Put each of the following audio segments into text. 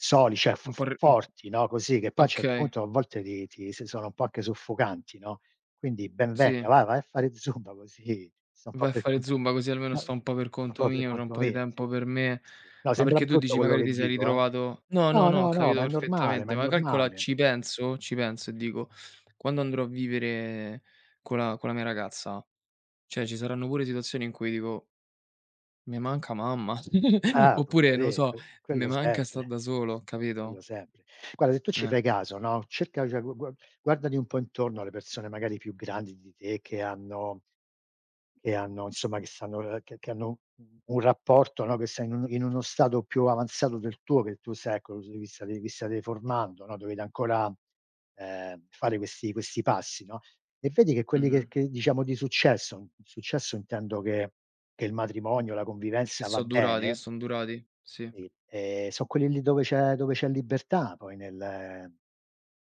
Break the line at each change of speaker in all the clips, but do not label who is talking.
Soli, cioè, f
Un po' r mh.
forti, no, così, che poi a un certo
Okay.
punto a volte ti ti s sono un po' anche soffocanti, no, quindi ben venga,
Sì.
vai, vai a fare zumba così sto un po'
Vai a
per
fare
conto
zumba così almeno
no
sto un po' per
un
conto
po' per
mio, c'ho un
conto
po' di
mio, sì.
tempo per me,
No,
ma
sembra
perché tu
brutto
dici
quello
magari
che
ti sei
dico, eh.
ritrovato no, no,
No,
no, ho
no, no,
capito
ma è normale, ma
perfettamente,
è
ma calcola
normale.
ci penso ci penso e dico: "Quando andrò a vivere co' la con la mia ragazza, cioè ci saranno pure situazioni in cui dico" "me manca mamma,
Eh,
oppure, non lo
[unintelligible]
so,
qu
me
quello
manca sta'
sempre,
da solo",
quello
capito?
sempre. Guarda se tu ci
Eh.
fai caso, no, cerca, cioè, gu gua guardati un po' intorno alle persone magari più grandi di te che hanno che hanno insomma, che stanno uhm, che che hanno un rapporto, no, che sei in un in uno stato più avanzato del tuo, che tu sei, ecco, se vistate vi state formando, no, dovete ancora, ehm, fare questi questi passi, no, e vedi che quelli che
Mh-mh.
che diciamo, di successo, successo intendo che che il matrimonio, la
Che
convivenza va
so' durati che
bene
son durati? Sì.
sì, ehm, son quelli dove c'è dove c'è libertà poi nel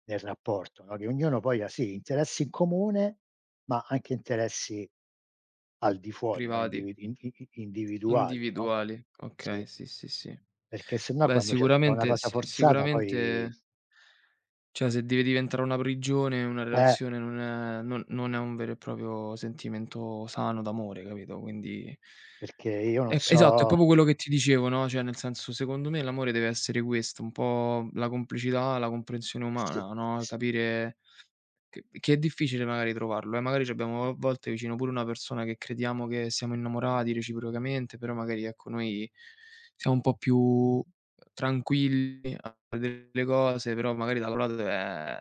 nel rapporto, no, che ognuno poi ha, sì, interessi in comune, ma anche interessi al di fuori, no,
Privati.
individ i i i individuali, no,
Individuali,
sì.
okay, sì, sì, sì.
Perché sennò
Beh,
quando ce sta una
sicuramente
cosa
s
forzata poi
sicuramente cioè se deve diventare una prigione, una
Eh.
relazione non è non non è un vero e proprio sentimento sano d'amore, capito? Quindi
Perché io non
E esatto, è
so
popo quello che ti dicevo, no, cioè nel senso, secondo me l'amore deve essere questo, un po' la complicità, la comprensione
Sì,
umana, no, e
sì.
capire che che è difficile magari trovarlo, eh, magari c'abbiamo a volte vicino pure una persona che crediamo che siamo innamorati reciprocamente, però magari, ecco, noi siamo un po' più, uhm, tranquilli a vedere le cose, però magari da [unintelligible]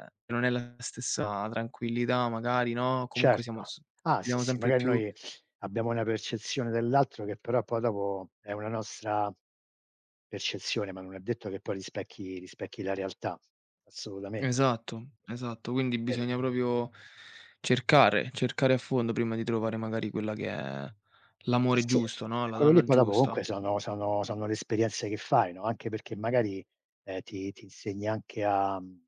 ehm, non è la stessa tranquillità magari, no, comunque siamo
Certo,
s
ah sì,
siamo
sì,
sempre
magari
più
noi abbiamo una percezione dell'altro che però poi dopo è una nostra percezione, ma non è detto che poi rispecchi rispecchi la realtà, assolutamente.
Esatto, esatto, quindi
Vero.
bisogna proprio cercare, cercare a fondo prima di trovare magari quella che è
Eh
l'amore
sì,
giusto, no,
e
la
quello lì
donna
poi dopo comunque
giusta.
sono sono sono le esperienze che fai, no, anche perché magari, ehm, ti ti insegna anche a, mhmm